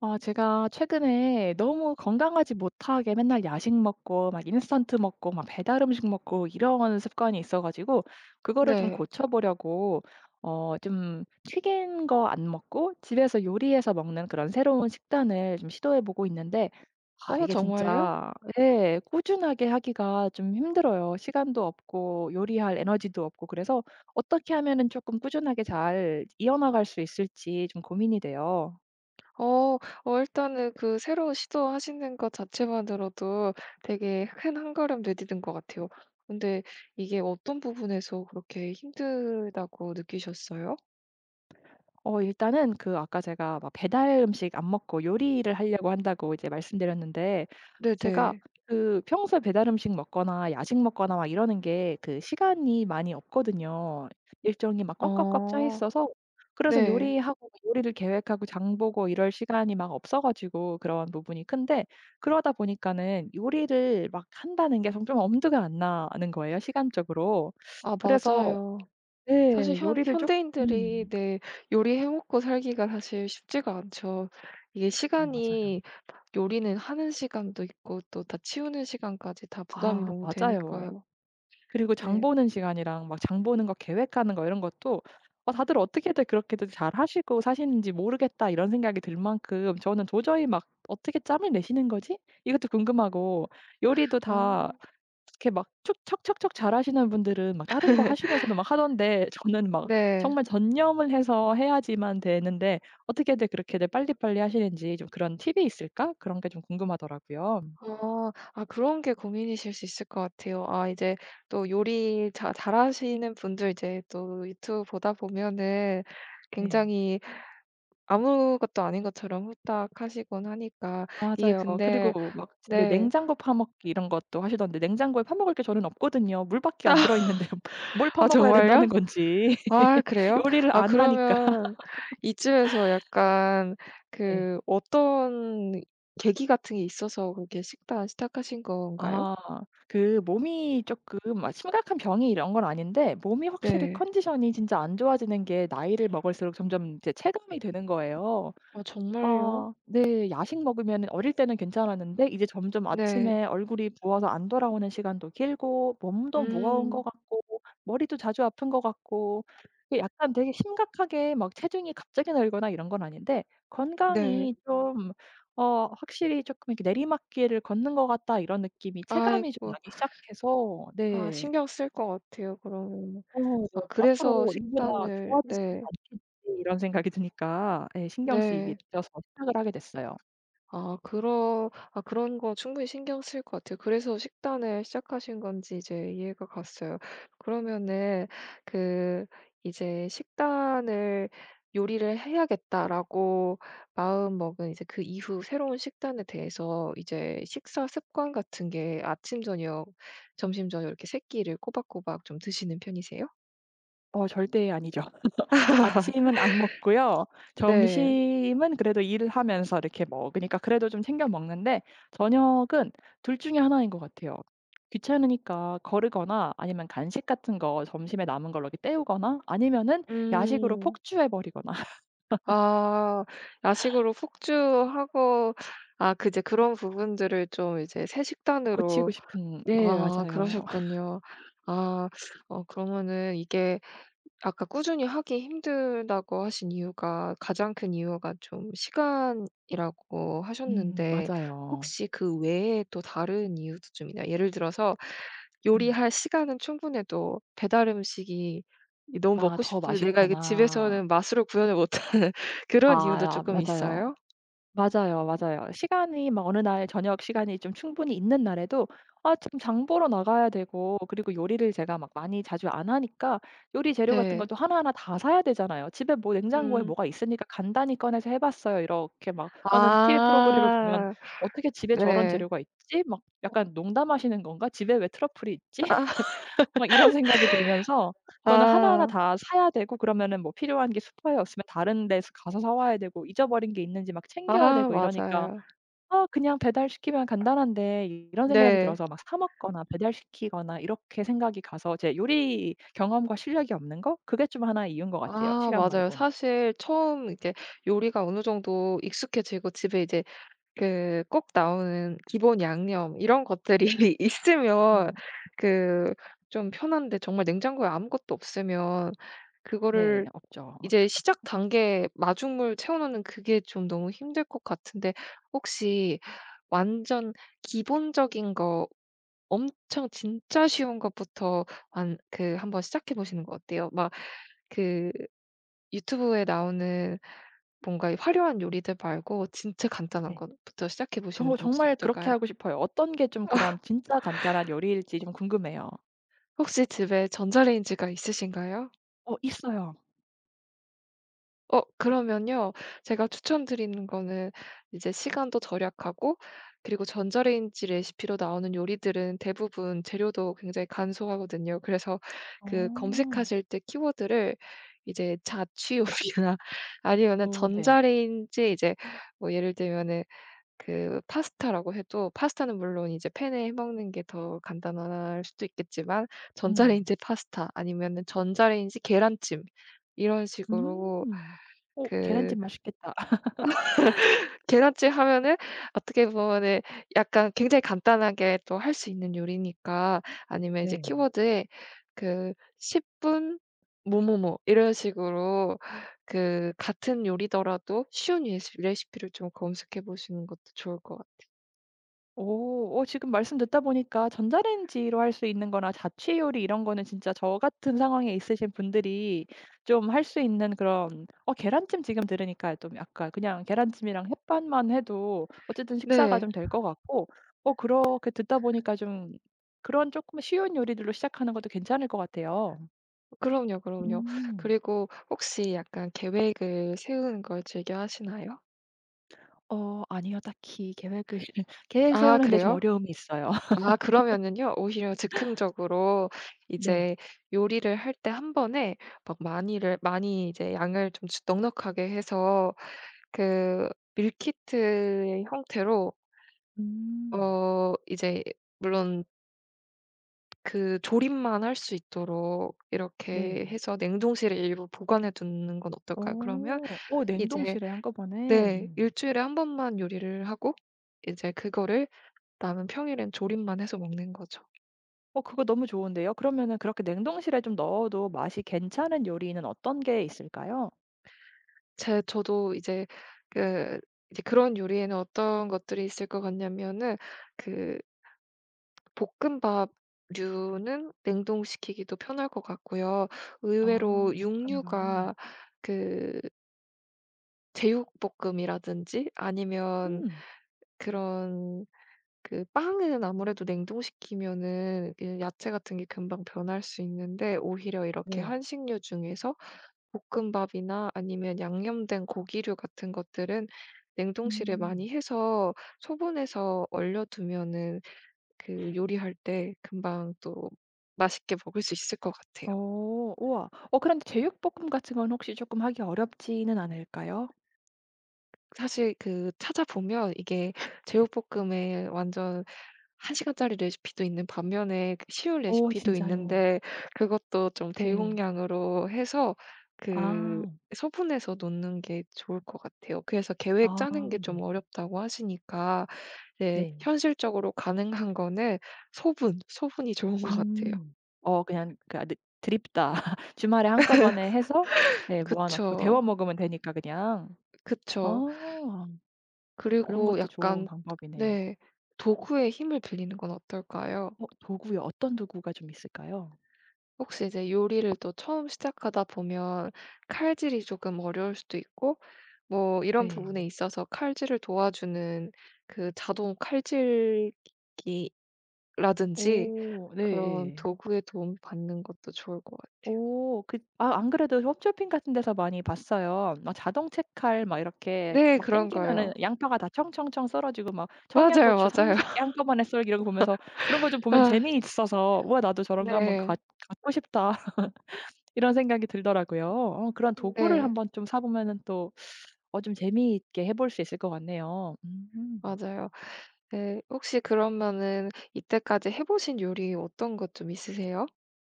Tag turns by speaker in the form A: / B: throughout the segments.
A: 아 제가 최근에 너무 건강하지 못하게 맨날 야식 먹고 막 인스턴트 먹고 막 배달 음식 먹고 이런 습관이 있어 가지고 그거를 좀
B: 네.
A: 고쳐보려고 어 좀 튀긴 거 안 먹고 집에서 요리해서 먹는 그런 새로운 식단을 좀 시도해 보고 있는데 아
B: 어
A: 이게
B: 정말요?
A: 진짜 예 꾸준하게 하기가 좀 힘들어요. 시간도 없고 요리할 에너지도 없고 그래서 어떻게 하면은 쪼끔 꾸준하게 잘 이어나갈 수 있을지 좀 고민이 돼요.
B: 어. 어 일단은 그 새로운 시도하시는 것 자체만으로도 되게 큰 1 걸음 내디딘 것 같아요. 근데 이게 어떤 부분에서 그렇게 힘들다고 느끼셨어요?
A: 어 일단은 그 아까 제가 막 배달 음식 안 먹고 요리를 하려고 한다고 이제 말씀드렸는데 제가
B: 네네.
A: 그 평소에 배달 음식 먹거나 야식 먹거나 막 이러는 게 그 시간이 많이 없거든요. 일정이 막 꽉꽉꽉 짜
B: 어.
A: 있어서 그래서
B: 네.
A: 요리하고 요리를 계획하고 장 보고 이럴 시간이 막 없어 가지고 그런 부분이 큰데 그러다 보니까는 요리를 막 한다는 게 전 좀 엄두가 안 나는 거예요 시간적으로.
B: 아
A: 그래서
B: 맞아요.
A: 네
B: 사실 현
A: 요리를
B: 현대인들이
A: 쪼끔
B: 네 요리해 먹고 살기가 사실 쉽지가 않죠. 이게
A: 어 맞아요.
B: 시간이 요리는 하는 시간도 있고 또 다 치우는 시간까지 다 부담이
A: 아
B: 너무
A: 맞아요.
B: 되니까요.
A: 그리고 장
B: 네.
A: 보는 시간이랑 막 장 보는 거 계획하는 거 이런 것도 '아 다들 어떻게들 그렇게들 잘하시고 사시는지 모르겠다.' 이런 생각이 들 만큼 저는 도저히 막 '어떻게 짬을 내시는 거지?' 이것도 궁금하고 요리도 다
B: 아.
A: 이렇게 막 척척척척 잘하시는 분들은 막 다른 거 하시면서도 막 하던데 저는 막
B: 네.
A: 정말 전념을 해서 해야지만 되는데 '어떻게들 그렇게들 빨리빨리 하시는지 좀 그런 팁이 있을까?' 그런 게 좀 궁금하더라고요.
B: 아. 아 그런 게 고민이실 수 있을 것 같아요. 아 이제 또 요리 자 잘하시는 분들 이제 또 유튜브 보다 보면은
A: 네.
B: 굉장히 아무것도 아닌 것처럼 후딱 하시곤 하니까. 이게
A: 맞아요.
B: 근데
A: 그리고 막 집에
B: 네.
A: 냉장고 파먹기 이런 것도 하시던데 냉장고에 파먹을 게 저는 없거든요. 물 밖에 안 들어있는데요. 뭘
B: 아
A: 파먹어야
B: 정말요?
A: 된다는 건지.
B: 아 그래요?
A: 요리를
B: 아
A: 안 하니까.
B: 그러면 이쯤에서 약간
A: 네.
B: 그 어떤 계기 같은 게 있어서 그렇게 식단 시작하신 건가요?
A: 아 그 몸이 쪼끔 아 심각한 병이 이런 건 아닌데 몸이 확실히
B: 네.
A: 컨디션이 진짜 안 좋아지는 게 나이를 먹을수록 점점 이제 체감이 되는 거예요.
B: 아 정말요?
A: 아 네. 야식 먹으면은 어릴 때는 괜찮았는데 이제 점점
B: 네.
A: 아침에 얼굴이 부어서 안 돌아오는 시간도 길고 몸도 무거운 거
B: 음.
A: 같고 머리도 자주 아픈 거 같고 그 약간 되게 심각하게 막 체중이 갑자기 늘거나 이런 건 아닌데
B: 네.
A: '건강이 좀 어 확실히 쪼끔 이렇게 내리막길을 걷는 것 같다.' 이런 느낌이 체감이 좀
B: 아이고.
A: 나기 시작해서.
B: 아
A: 네.
B: 신경 쓰일 것 같아요 그러면은.
A: 어 네.
B: 아 그래서
A: '앞으로 이거보다
B: 식단을
A: 좋아지지는
B: 네.
A: 않겠지.' 이런 생각이 드니까 예 신경 쓰이게
B: 네.
A: 되어서 시작을 하게 됐어요.
B: 아 그러 아 그런 거 충분히 신경 쓰일 것 같아요. 그래서 식단을 시작하신 건지 이제 이해가 갔어요. 그러면은 그 이제 식단을 '요리를 해야겠다.'라고 마음먹은 이제 그 이후 새로운 식단에 대해서 이제 식사 습관 같은 게 아침 저녁 점심 저녁 이렇게 3 끼를 꼬박꼬박 좀 드시는 편이세요?
A: 어 절대 아니죠. 아침은 안 먹고요.
B: 네.
A: 점심은 그래도 일을 하면서 이렇게 먹으니까 그래도 좀 챙겨 먹는데 저녁은 2 중에 1 것 같아요. 귀찮으니까 거르거나 아니면 간식 같은 거 점심에 남은 걸로 이렇게 때우거나 아니면은 야식으로
B: 음.
A: 폭주해 버리거나.
B: 아 야식으로 폭주하고 아 그 이제 그런 부분들을 좀 이제 새
A: 고치고
B: 식단으로.
A: 싶은 네
B: 아
A: 맞아요.
B: 그러셨군요. 아 어 그러면은 이게 아까 꾸준히 하기 힘들다고 하신 이유가 가장 큰 이유가 좀 시간이라고
A: 음
B: 하셨는데
A: 맞아요.
B: 혹시 그 외에 또 다른 이유도 좀 있나요? 예를 들어서
A: 음.
B: 요리할 시간은 충분해도 배달 음식이 이 너무
A: 아
B: 먹고
A: 더
B: 싶은데 내가 이게
A: 맛있거나.
B: 집에서는 맛으로 구현을 못하는 그런
A: 아
B: 이유도
A: 야
B: 조금
A: 맞아요.
B: 있어요?
A: 맞아요, 맞아요. 시간이 막 어느 날 저녁 시간이 좀 충분히 있는 날에도 아 지금 장 보러 나가야 되고 그리고 요리를 제가 막 많이 자주 안 하니까 요리 재료 같은
B: 네.
A: 것도 하나하나 다 사야 되잖아요. "집에 뭐 냉장고에
B: 음.
A: 뭐가 있으니까 간단히 꺼내서 해봤어요." 이렇게 막 하는 티비 프로그램을 보면
B: 아
A: '어떻게 집에 저런
B: 네.
A: 재료가 있지?' 막 약간 '농담하시는 건가? 집에 왜 트러플이 있지?'
B: 아.
A: 막 이런 생각이 들면서 저는 하나하나
B: 아.
A: 다 사야 되고 그러면은 뭐 필요한 게 슈퍼에 없으면 다른 데서 가서 사 와야 되고 잊어버린 게 있는지 막 챙겨야
B: 아
A: 되고 이러니까
B: 맞아요.
A: '아 그냥 배달시키면 간단한데.' 이런 생각이
B: 네.
A: 들어서 막 사 먹거나 배달시키거나 이렇게 생각이 가서 제 요리 경험과 실력이 없는 거 그게 좀 하나의 이유인 것 같아요,
B: 아
A: 시간
B: 맞아요.
A: 말고는.
B: 사실 처음 이렇게 요리가 어느 정도 익숙해지고 집에 이제 그 꼭 나오는 기본양념 이런 것들이 있으면
A: 음.
B: 그 좀 편한데 정말 냉장고에 아무것도 없으면
A: 네
B: 그거를
A: 없죠.
B: 이제 시작 단계 마중물 채워놓는 그게 좀 너무 힘들 것 같은데. 혹시 완전 기본적인 거 엄청 진짜 쉬운 것부터 한 그 한번 시작해 보시는 거 어때요? 막 그 유튜브에 나오는 뭔가 이 화려한 요리들 말고 진짜 간단한
A: 네.
B: 것부터 시작해 보시는
A: 저도
B: 건 혹시
A: 정말 그렇게
B: 어떨까요?
A: 하고 싶어요. 어떤 게 좀 그런 진짜 간단한 요리일지 좀 궁금해요.
B: 혹시 집에 전자레인지가 있으신가요?
A: 어 있어요.
B: 어 그러면요. 제가 추천드리는 거는 이제 시간도 절약하고 그리고 전자레인지 레시피로 나오는 요리들은 대부분 재료도 굉장히 간소하거든요. 그래서 그
A: 어.
B: 검색하실 때 키워드를 이제 자취 요리나 아니면은
A: 어 네.
B: 전자레인지 이제 뭐 예를 들면은 그 파스타라고 해도 파스타는 물론 이제 팬에 해 먹는 게 더 간단할 수도 있겠지만
A: 음.
B: 전자레인지 파스타 아니면은 전자레인지 계란찜 이런 식으로
A: 음. 어
B: 그
A: 계란찜 맛있겠다.
B: 계란찜 하면은 어떻게 보면은 약간 굉장히 간단하게 또 할 수 있는 요리니까 아니면 이제
A: 네.
B: 키워드에 그 10분 뭐뭐뭐 이런 식으로 그 같은 요리더라도 쉬운 레시 레시피를 좀 검색해 보시는 것도 좋을 것 같아요.
A: 오 어 지금 말씀 듣다 보니까 전자레인지로 할 수 있는 거나 자취 요리 이런 거는 진짜 저 같은 상황에 있으신 분들이 좀 할 수 있는 그런 어 계란찜 지금 들으니까 좀 약간 그냥 계란찜이랑 햇반만 해도 어쨌든 식사가
B: 네.
A: 좀 될 것 같고 어 그렇게 듣다 보니까 좀 그런 조금 쉬운 요리들로 시작하는 것도 괜찮을 것 같아요.
B: 그럼요, 그럼요.
A: 음.
B: 그리고 혹시 약간 계획을 세우는 걸 즐겨하시나요?
A: 어 아니요. 딱히 계획을 계획을
B: 아
A: 세우는 데 좀
B: 그래요?
A: 어려움이 있어요.
B: 아 그러면은요 오히려 즉흥적으로
A: 네.
B: 이제 요리를 할 때 1 번에 막 많이를 많이 이제 양을 좀 넉넉하게 해서 그 밀키트의 형태로
A: 음.
B: 어 이제 물론 그 조림만 할 수 있도록 이렇게
A: 네.
B: 해서 냉동실에 일부 보관해 두는 건 어떨까요? 그러면
A: 어. 어
B: 이제
A: 냉동실에 한꺼번에.
B: 네. 1
A: 음.
B: 주일에 1 번만 요리를 하고 이제 그거를 나는 평일엔 조림만 해서 먹는 거죠.
A: 어 그거 너무 좋은데요. 그러면은 그렇게 냉동실에 좀 넣어도 맛이 괜찮은 요리는 어떤 게 있을까요?
B: 제 저도 이제 그 이제 그런 요리에는 어떤 것들이 있을 것 같냐면은 그 볶음밥 류는 냉동시키기도 편할 것 같고요.
A: 아
B: 의외로
A: 볶음밥.
B: 육류가 그 제육볶음이라든지 아니면
A: 음.
B: 그런 그 빵은 아무래도 냉동시키면은 그 야채 같은 게 금방 변할 수 있는데 오히려 이렇게
A: 네.
B: 한식류 중에서 볶음밥이나 아니면 양념된 고기류 같은 것들은 냉동실에
A: 음.
B: 많이 해서 소분해서 얼려두면은 그 요리할 때 금방 또 맛있게 먹을 수 있을 것 같아요.
A: 어 우와. 어 그런데 제육볶음 같은 건 혹시 쪼끔 하기 어렵지는 않을까요?
B: 사실 그 찾아보면 이게
A: 네.
B: 제육볶음에 완전 1 시간짜리 레시피도 있는 반면에 그 쉬운
A: 어
B: 레시피도
A: 진짜요.
B: 있는데 그것도 좀
A: 네.
B: 대용량으로 해서 그
A: 아.
B: 소분해서 놓는 게 좋을 것 같아요. 그래서 계획
A: 아
B: 짜는 게 좀
A: 네.
B: 어렵다고 하시니까 예
A: 네.
B: 현실적으로 가능한 거는 소분, 소분이 좋은 것 같아요.
A: 음. 어 그냥 가득 드립다. 주말에 한꺼번에 해서 네 모아놓고 데워
B: 그쵸.
A: 먹으면 되니까 그냥.
B: 그쵸.
A: 어 그런
B: 그리고
A: 것도 좋은
B: 약간
A: 방법이네요.
B: 네. 도구의 힘을 빌리는 건 어떨까요?
A: 어 도구요. 어떤 도구가 좀 있을까요?
B: 혹시 이제 요리를 또 처음 시작하다 보면 칼질이 조금 어려울 수도 있고 뭐 이런 부분에
A: 네.
B: 있어서 칼질을 도와주는 그 자동 칼질기라든지
A: 어
B: 그런
A: 네예.
B: 도구의 도움받는 것도 좋을 것 같아요.
A: 오 그 아 안 그래도 홈쇼핑 같은 데서 많이 봤어요. 막 자동 채칼 막 이렇게
B: 네.
A: 막
B: 그런
A: 땡기면은
B: 거요.
A: 양파가 다 청청청 썰어지고 막
B: 맞아요,
A: 청양고추
B: 맞아요.
A: 30 개 한꺼번에 썰기 이런 거 보면서 그런 거 좀 보면
B: 아.
A: 재미있어서 '와 나도 저런 거 한번
B: 네.
A: 갖 갖고 싶다.' 이런 생각이 들더라고요. 어 그런 도구를
B: 네.
A: 한번 좀 사보면은 또 어 좀 재미있게 해 볼 수 있을 것 같네요. 음.
B: 맞아요. 네 혹시 그러면은 이때까지 해 보신 요리 어떤 것 좀 있으세요?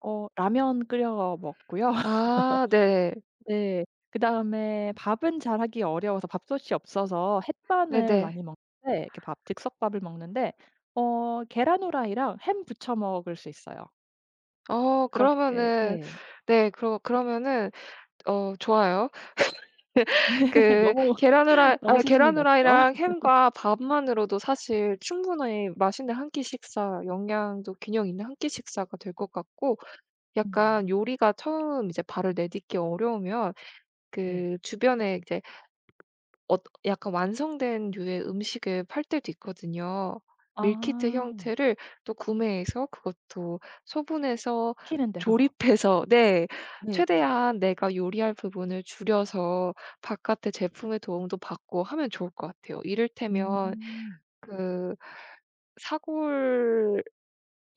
A: 어 라면 끓여 먹고요.
B: 아 네.
A: 네. 그다음에 밥은 잘하기 어려워서 밥솥이 없어서 햇반을
B: 네네.
A: 많이 먹는데 그 밥 즉석밥을 먹는데 어 계란 프라이랑 햄 부쳐 먹을 수 있어요.
B: 어
A: 그렇게
B: 그러면은
A: 예.
B: 네 그러 그러면은 어 좋아요. 그
A: 너무,
B: 계란 프라
A: 너무
B: 아
A: 수준이
B: 계란
A: 낮죠.
B: 프라이랑 햄과 밥만으로도 사실 충분히 맛있는 1 끼 식사 영양도 균형 있는 1 끼 식사가 될 것 같고 약간
A: 음.
B: 요리가 처음 이제 발을 내딛기 어려우면
A: 네.
B: 그 주변에 이제 어 약간 완성된 류의 음식을 팔 때도 있거든요. 밀키트
A: 아.
B: 형태를 또 구매해서 그것도 소분해서
A: 시키는 대로.
B: 조립해서 네.
A: 네.
B: 최대한 내가 요리할 부분을 줄여서 바깥에 제품의 도움도 받고 하면 좋을 것 같아요. 이를테면
A: 음.
B: 그 사골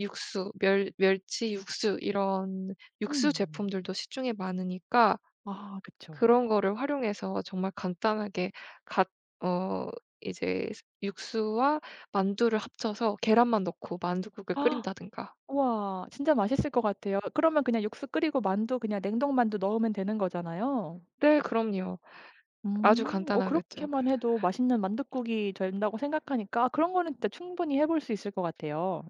B: 육수 멸 멸치 육수 이런 육수
A: 음.
B: 제품들도 시중에 많으니까
A: 아 그쵸.
B: 그런 거를 활용해서 정말 간단하게 갇 어 이제 스 육수와 만두를 합쳐서 계란만 넣고 만두국을 끓인다든가.
A: 우와 진짜 맛있을 것 같아요. 그러면 그냥 육수 끓이고 만두 그냥 냉동 만두 넣으면 되는 거잖아요.
B: 네 그럼요. 아주
A: 음 어
B: 간단하겠죠. 그
A: 그렇게만 해도 맛있는 만둣국이 된다고 생각하니까 아 그런 거는 진짜 충분히 해볼 수 있을 것 같아요.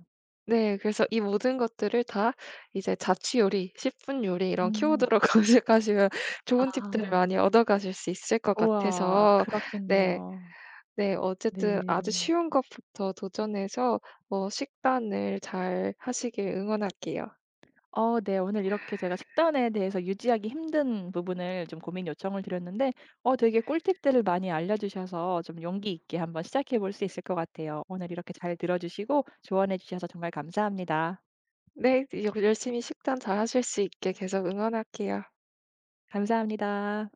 B: 네 그래서 이 모든 것들을 다 이제 자취 요리 10 분 요리 이런
A: 음.
B: 키워드로 검색하시면 좋은 팁들을
A: 아.
B: 많이 얻어 가실 수 있을 것
A: 우와
B: 같아서 네.
A: 그렇겠네요.
B: 네 어쨌든
A: 네.
B: 아주 쉬운 것부터 도전해서 어 식단을 잘 하시길 응원할게요.
A: 어 네 오늘 이렇게 제가 식단에 대해서 유지하기 힘든 부분을 좀 고민 요청을 드렸는데 어 되게 꿀팁들을 많이 알려주셔서 좀 용기 있게 한번 시작해 볼 수 있을 것 같아요. 오늘 이렇게 잘 들어주시고 조언해 주셔서 정말 감사합니다.
B: 네 이제 열 열심히 식단 잘 하실 수 있게 계속 응원할게요.
A: 감사합니다.